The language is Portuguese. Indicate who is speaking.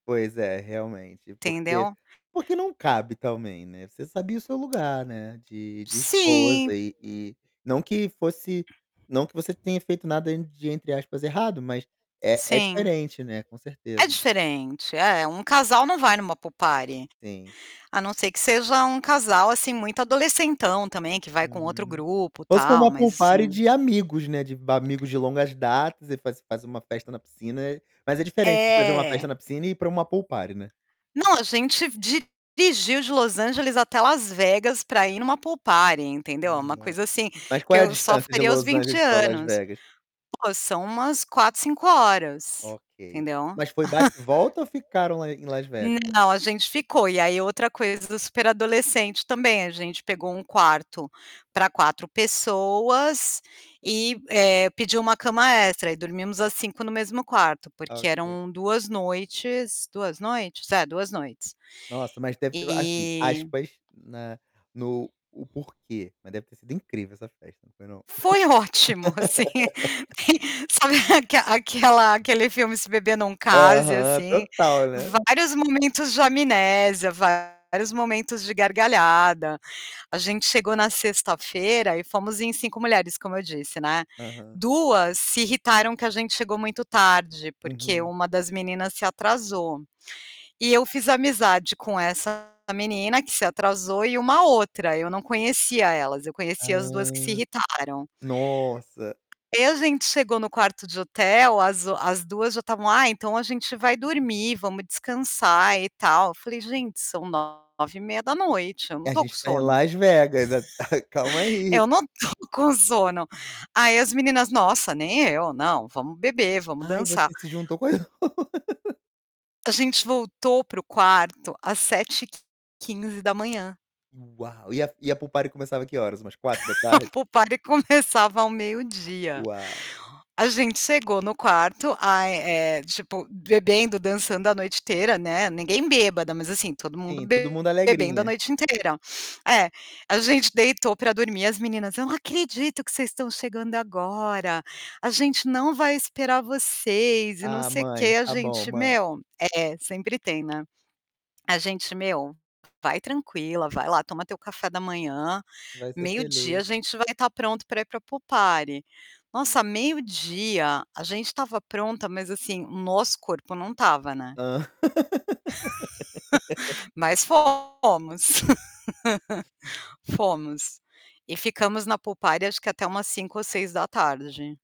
Speaker 1: Pois é, realmente. Porque
Speaker 2: Entendeu?
Speaker 1: porque não cabe também, né. Você sabia o seu lugar, né, de de
Speaker 2: Sim!
Speaker 1: esposa e e não que fosse não que você tenha feito nada de, entre aspas, errado, mas, é é
Speaker 2: Sim.
Speaker 1: diferente né, com
Speaker 2: É
Speaker 1: certeza.
Speaker 2: diferente. É, um casal não vai em uma pool party.
Speaker 1: Sim.
Speaker 2: A não ser que seja um casal, assim, muito adolecentão também que vai com outro
Speaker 1: Uhum.
Speaker 2: grupo
Speaker 1: Só se for
Speaker 2: tal,
Speaker 1: uma
Speaker 2: mas
Speaker 1: pool party
Speaker 2: assim.
Speaker 1: de amigos, né, de amigos de longas datas e faz faz uma festa na piscina. Mas é diferente de fazer uma
Speaker 2: É.
Speaker 1: festa na piscina e ir para uma pool party, né.
Speaker 2: Não, a gente dirigiu de Los Angeles até Las Vegas para ir em uma pool party, entendeu. É uma
Speaker 1: Nossa.
Speaker 2: coisa assim
Speaker 1: Mas
Speaker 2: que
Speaker 1: qual é a
Speaker 2: eu só
Speaker 1: distância de
Speaker 2: faria aos
Speaker 1: Los
Speaker 2: 20
Speaker 1: Angeles para Las
Speaker 2: anos.
Speaker 1: Vegas?
Speaker 2: Pô, são umas 4, 5 horas,
Speaker 1: Ok.
Speaker 2: entendeu?
Speaker 1: Mas foi bate e volta ou ficaram lá em Las Vegas?
Speaker 2: Não, a gente ficou. E aí, outra coisa do super adolescente também, a gente pegou um quarto para 4 pessoas, e, eh, pediu uma cama extra. Aí, dormimos as 5 no mesmo quarto porque
Speaker 1: Ok.
Speaker 2: eram 2 noites 2 noites? É, 2 noites.
Speaker 1: Nossa, mas deve ter assim
Speaker 2: E
Speaker 1: aspas na no o porquê, mas deve ter sido incrível essa festa. Não é não?
Speaker 2: Foi ótimo, assim. E sabe aque aquela aquele filme Se beber não case,
Speaker 1: Aham,
Speaker 2: assim.
Speaker 1: total, né.
Speaker 2: Vários momentos de amnésia, vários momentos de gargalhada. A gente chegou na sexta-feira e fomos em 5 mulheres, como eu disse, né.
Speaker 1: Aham.
Speaker 2: 2 se irritaram que a gente chegou muito tarde, porque
Speaker 1: Uhum.
Speaker 2: 1 das meninas se atrasou. E eu fiz amizade com essa menina que se atrasou e uma outra. Eu não conhecia elas; eu conhecia as 2 que se
Speaker 1: Hã.
Speaker 2: irritaram.
Speaker 1: Nossa.
Speaker 2: E a gente chegou no quarto de hotel, as o as 2 já estavam: "Ah então a gente vai dormir, vamos descansar e tal". Eu falei: "Gente, são 21:30. Eu não
Speaker 1: "A
Speaker 2: estou com
Speaker 1: gente tá em
Speaker 2: sono.
Speaker 1: Las Vegas at calma aí".
Speaker 2: Eu não tô com sono". Aí as meninas: "Nossa, nem eu, não, vamos beber, vamos
Speaker 1: Ai,
Speaker 2: dançar".
Speaker 1: você se juntou com as
Speaker 2: A gente voltou para o quarto às 7:15.
Speaker 1: Uau! E a f e a pool party começava que horas? Umas quatro da
Speaker 2: A
Speaker 1: tarde?
Speaker 2: pool party começava ao meio-dia.
Speaker 1: Uau.
Speaker 2: A gente chegou no quarto, ai eh, tipo, bebendo, dançando a noite inteira, né. Ninguém bêbada, mas assim, todo mundo
Speaker 1: Sim, todo mundo
Speaker 2: bebendo a
Speaker 1: alegrinha.
Speaker 2: noite inteira. É, a gente deitou para dormir as meninas: "Eu não acredito que vocês estão chegando agora. A gente não vai esperar vocês e não
Speaker 1: "Ah,
Speaker 2: sei
Speaker 1: mãe,
Speaker 2: quê". A
Speaker 1: tá bom,
Speaker 2: gente:
Speaker 1: mãe".
Speaker 2: "Meu" é, sempre tem, né. A gente: "Meu, vai tranquila, vai lá toma teu café da manhã.
Speaker 1: "Vai ser
Speaker 2: Meio-dia a
Speaker 1: feliz".
Speaker 2: gente vai estar pronto para ir para pool party". Nossa, meio-dia, a gente estava pronta, mas assim, o nosso corpo não estava, né.
Speaker 1: Hã.
Speaker 2: Mas fomos. Fomos. E ficamos na pool party acho que até umas 17:00 ou 18:00.